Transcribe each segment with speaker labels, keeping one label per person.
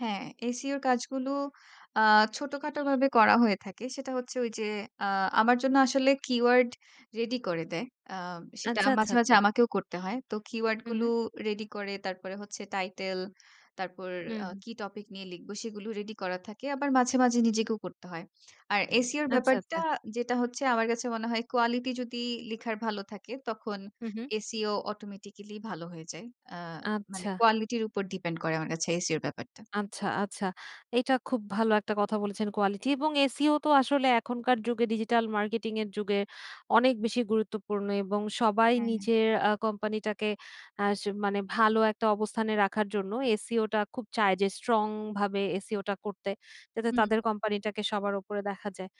Speaker 1: হ্যাঁ SEO র কাজগুলো আ ছোটখাটোভাবে করা হয়ে থাকে। সেটা হচ্ছে ঐ যে আ আমার জন্য আসলে কিওয়ার্ড রেডি করে দেয়। আম সেটা
Speaker 2: আচ্ছা, আচ্ছা,
Speaker 1: মাঝে, মাঝে
Speaker 2: আচ্ছা।
Speaker 1: আমাকেও করতে হয়। তো কিওয়ার্ড
Speaker 2: হু,
Speaker 1: গুলো
Speaker 2: হু।
Speaker 1: রেডি করে। তারপরে হচ্ছে টাইটেল, তারপর
Speaker 2: হুম,
Speaker 1: আ
Speaker 2: হু।
Speaker 1: কি টপিক নিয়ে লিখব, সেগুলো রেডি করা থাকে। আবার মাঝে, মাঝে নিজেকেও করতে হয়। আর SEO র
Speaker 2: আচ্ছা, আচ্ছা।
Speaker 1: ব্যাপারটা, যেটা হচ্ছে আমার কাছে মনে হয় কোয়ালিটি যদি লিখার ভালো থাকে, তখন
Speaker 2: হু, হু।
Speaker 1: SEO অটোমেটিক্যালি ভালো হয়ে যায়। আ মানে
Speaker 2: আচ্ছা।
Speaker 1: কোয়ালিটির উপর ডিপেন্ড করে আমার কাছে SEO র ব্যাপারটা।
Speaker 2: আচ্ছা, আচ্ছা। এইটা খুব ভালো একটা কথা বলেছেন কোয়ালিটি এবং SEO তো আসলে এখনকার যুগে, ডিজিটাল মার্কেটিংয়ের যুগে অনেক
Speaker 1: হু।
Speaker 2: বেশি গুরুত্বপূর্ণ এবং সবাই
Speaker 1: হ্যাঁ।
Speaker 2: নিজের আ কোম্পানিটাকে আস মানে ভালো একটা অবস্থানে রাখার জন্য SEO টা খুব চায় যে স্ট্রংভাবে SEO টা করতে। যাতে
Speaker 1: হুম।
Speaker 2: তাদের কোম্পানিটাকে সবার উপরে দেখা যায়।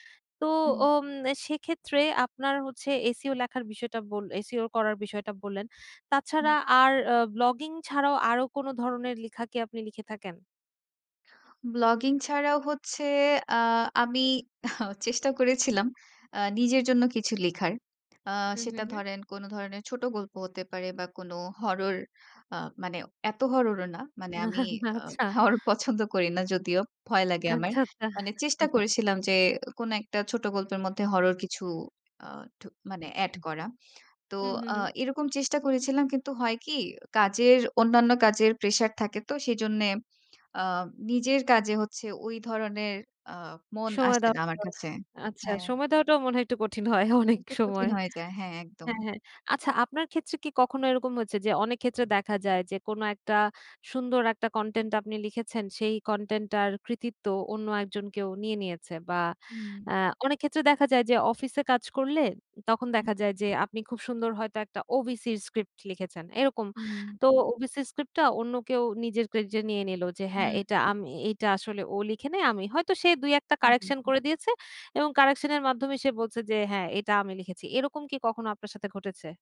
Speaker 2: তো
Speaker 1: হুম।
Speaker 2: ওম এ সেক্ষেত্রে আপনার হচ্ছে SEO লেখার বিষয়টা বল SEO করার বিষয়টা বললেন।
Speaker 1: হুম।
Speaker 2: তাছাড়া আর আ ব্লগিং ছাড়াও আরও কোন ধরনের লিখা কি আপনি লিখে থাকেন?
Speaker 1: ব্লগিং ছাড়াও হচ্ছে আ আমি চেষ্টা করেছিলাম আ নিজের জন্য কিছু লেখার। আ
Speaker 2: হু, হু,
Speaker 1: সেটা
Speaker 2: হু।
Speaker 1: ধরেন কোন ধরনের ছোট গল্প হতে পারে বা কোন হরর আ মানে এত হরর ও না। মানে আমি আ
Speaker 2: আচ্ছা।
Speaker 1: হরর পছন্দ করি না যদিও। ভয় লাগে আমার।
Speaker 2: আচ্ছা, আচ্ছা।
Speaker 1: মানে চেষ্টা করেছিলাম যে এ কোন একটা ছোট গল্পের মধ্যে হরর কিছু আ ঢূ মানে add করা। তো
Speaker 2: হু, হু,
Speaker 1: আ
Speaker 2: হু।
Speaker 1: এরকম চেষ্টা করেছিলাম। কিন্তু হয় কি? কাজের অন্যান্য কাজের প্রেশার থাকে তো সেজন্যে আ নিজের কাজে হচ্ছে ওই ধরনের আ মন
Speaker 2: সময়
Speaker 1: আসে
Speaker 2: দেওয়া
Speaker 1: না আমার কাছে।
Speaker 2: [unintelligible] আচ্ছা।
Speaker 1: হ্যাঁ।
Speaker 2: সময় দেওয়াটাও মনে হয় একটু কঠিন হয়, অনেক
Speaker 1: একটু কঠিন
Speaker 2: সময়
Speaker 1: হয়ে যায়। হ্যাঁ, একদম।
Speaker 2: হ্যাঁ, হ্যাঁ। আচ্ছা আপনার ক্ষেত্রে কি কখনো এরকম হয়েছে যে অনেকক্ষেত্রে দেখা যায় যে, কোন একটা সুন্দর একটা কনটেন্ট আপনি লিখেছেন, সেই কনটেন্টটার কৃতিত্ব অন্য একজন কেউ নিয়ে নিয়েছে? বা
Speaker 1: হুম।
Speaker 2: অ্যা অনেক ক্ষেত্রে দেখা যায় যে অফিসে কাজ করলে, উম তখন
Speaker 1: হু।
Speaker 2: দেখা যায় যে আপনি খুব সুন্দর হয়তো একটা ওবিসির স্ক্রিপ্ট লিখেছেন। এরকম।
Speaker 1: হুম।
Speaker 2: তো ওবিসি স্ক্রিপ্টটা অন্য কেউ নিজের ক্রেডিটে নিয়ে নিলো যে, "হ্যাঁ
Speaker 1: হুম।
Speaker 2: এটা আমি এ এইটা আসলে ও লিখে নাই, আমি" হয়তো সে ২-১ টা
Speaker 1: হু, হু,
Speaker 2: কারেকশন
Speaker 1: হু।
Speaker 2: করে দিয়েছে এবং কারেকশনের মাধ্যমে সে বলছে যে, "হ্যাঁ! এটা আমি লিখেছি।" এরকম কি কখনো আপনার সাথে ঘটেছে?